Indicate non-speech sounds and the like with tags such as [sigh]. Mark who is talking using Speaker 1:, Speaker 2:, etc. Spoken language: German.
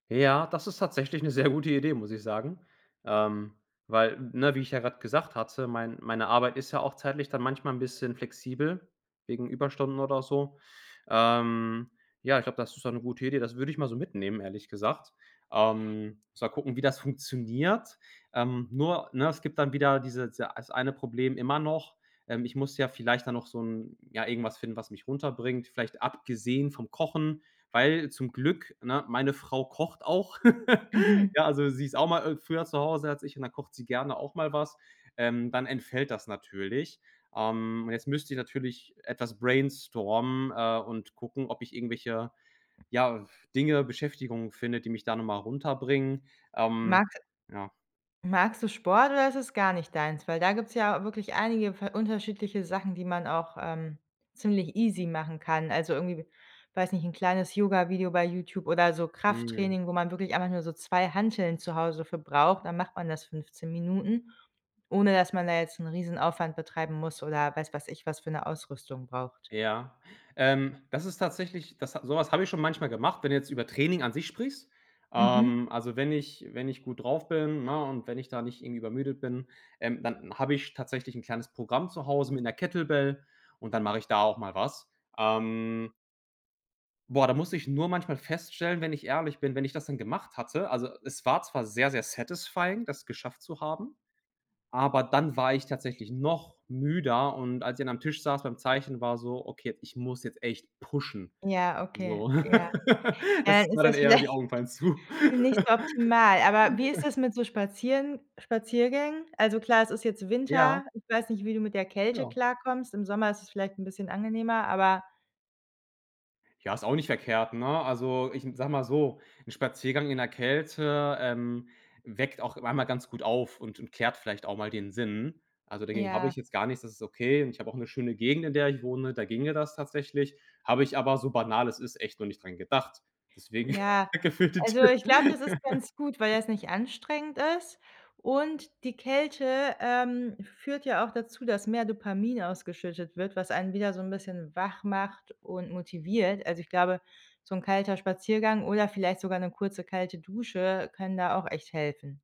Speaker 1: Ja, das ist tatsächlich 'ne sehr gute Idee, muss ich sagen ähm weil, 'ne, wie ich ja grad gesagt hatte, mein meine meine Arbeit ist ja auch zeitlich dann manchmal 'n bisschen flexibel wegen Überstunden oder so ähm ja, ich glaub, das ist dann 'ne gute Idee. Das würd ich mal so mitnehmen, ehrlich gesagt ähm, muss mal gucken, wie das funktioniert ähm, nur, ne, es gibt dann wieder dieses ei eine Problem immer noch: Ähm, ich muss ja vielleicht dann noch so 'n ja irgendwas finden, was mich runterbringt, vielleicht abgesehen vom Kochen, weil zum Glück, ne, meine Frau kocht auch. [laughs]
Speaker 2: Mhm.
Speaker 1: Ja, also sie ist auch mal i früher zu Hause als ich und dann kocht sie gerne auch mal was. Ähm, dann entfällt das natürlich, ähm, jetzt müsst ich natürlich etwas brainstormen, äh, und gucken, ob ich irgendwelche, ja, Dinge, Beschäftigungen finde, die mich da noch mal runterbringen, ähm,
Speaker 2: Mags
Speaker 1: ja.
Speaker 2: magst du Sport oder ist das gar nicht deins? Weil da gibt es ja wirklich einige v unterschiedliche Sachen, die man auch ähm, ziemlich easy machen kann. Also irgendwie, weiß nicht, 'n kleines Yoga Video bei YouTube oder so
Speaker 1: Mhm.
Speaker 2: Krafttraining, wo man wirklich einfach nur so 2 Hanteln zu Hause für braucht. Dann macht man das 15 Minuten, ohne dass man da jetzt 'n Riesenaufwand betreiben muss oder, weiß weiß ich, was für 'ne Ausrüstung braucht.
Speaker 1: Ja, ähm, das ist tatsächlich das ha so was hab ich schon manchmal gemacht, wenn du jetzt über Training an sich sprichst.
Speaker 2: Mhm.
Speaker 1: Ähm, also wenn ich wenn ich gut drauf bin, ne, und wenn ich da nicht irgendwie übermüdet bin, ähm, dann habe ich tatsächlich 'n kleines Programm zu Hause mit 'ner Kettlebell und dann mache ich da auch mal was. Ähm Boah, da muss ich nur manchmal feststellen, wenn ich ehrlich bin, wenn ich das dann gemacht hatte. Also, es war zwar sehr, sehr satisfying, das geschafft zu haben, aber dann war ich tatsächlich noch müder und als ich dann am Tisch saß beim Zeichen, war so: „Okay, ich muss jetzt echt pushen“,
Speaker 2: Ja, okay,
Speaker 1: so.
Speaker 2: ja.
Speaker 1: [laughs]
Speaker 2: Äh,
Speaker 1: Das
Speaker 2: ist
Speaker 1: war dann
Speaker 2: das
Speaker 1: eher
Speaker 2: vielleicht
Speaker 1: die Augen fallen zu.
Speaker 2: nicht optimal. Aber wie ist
Speaker 1: [laughs]
Speaker 2: das mit so Spazieren Spaziergängen? Also, klar, es ist jetzt
Speaker 1: Ja.
Speaker 2: Winter. Ich weiß nicht, wie du mit der Kälte
Speaker 1: Ja.
Speaker 2: klarkommst. Im Sommer ist es vielleicht 'n bisschen angenehmer, aber
Speaker 1: Ja, ist auch nicht verkehrt, ne? Also, ich n sag mal so, 'n Spaziergang in 'ner Kälte, ähm, weckt auch einmal ganz gut auf und und klärt vielleicht auch mal den Sinn. Also, dagegen hab
Speaker 2: Ja.
Speaker 1: ich jetzt gar nichts, das ist okay. Und ich habe auch 'ne schöne Gegend, in der ich wohne, da ginge das tatsächlich. Habe ich aber, so banal es ist, echt noch nicht dran gedacht. Deswegen,
Speaker 2: Ja,
Speaker 1: danke für die
Speaker 2: also
Speaker 1: Tipp.
Speaker 2: ich glaube, das ist ganz gut, weil
Speaker 1: [laughs]
Speaker 2: das nicht anstrengend ist. Und die Kälte, ähm, führt ja auch dazu, dass mehr Dopamin ausgeschüttet wird, was ein wieder so 'n bisschen wach macht und motiviert. Also, ich glaube, so 'n kalter Spaziergang oder vielleicht sogar 'ne kurze kalte Dusche können da auch echt helfen.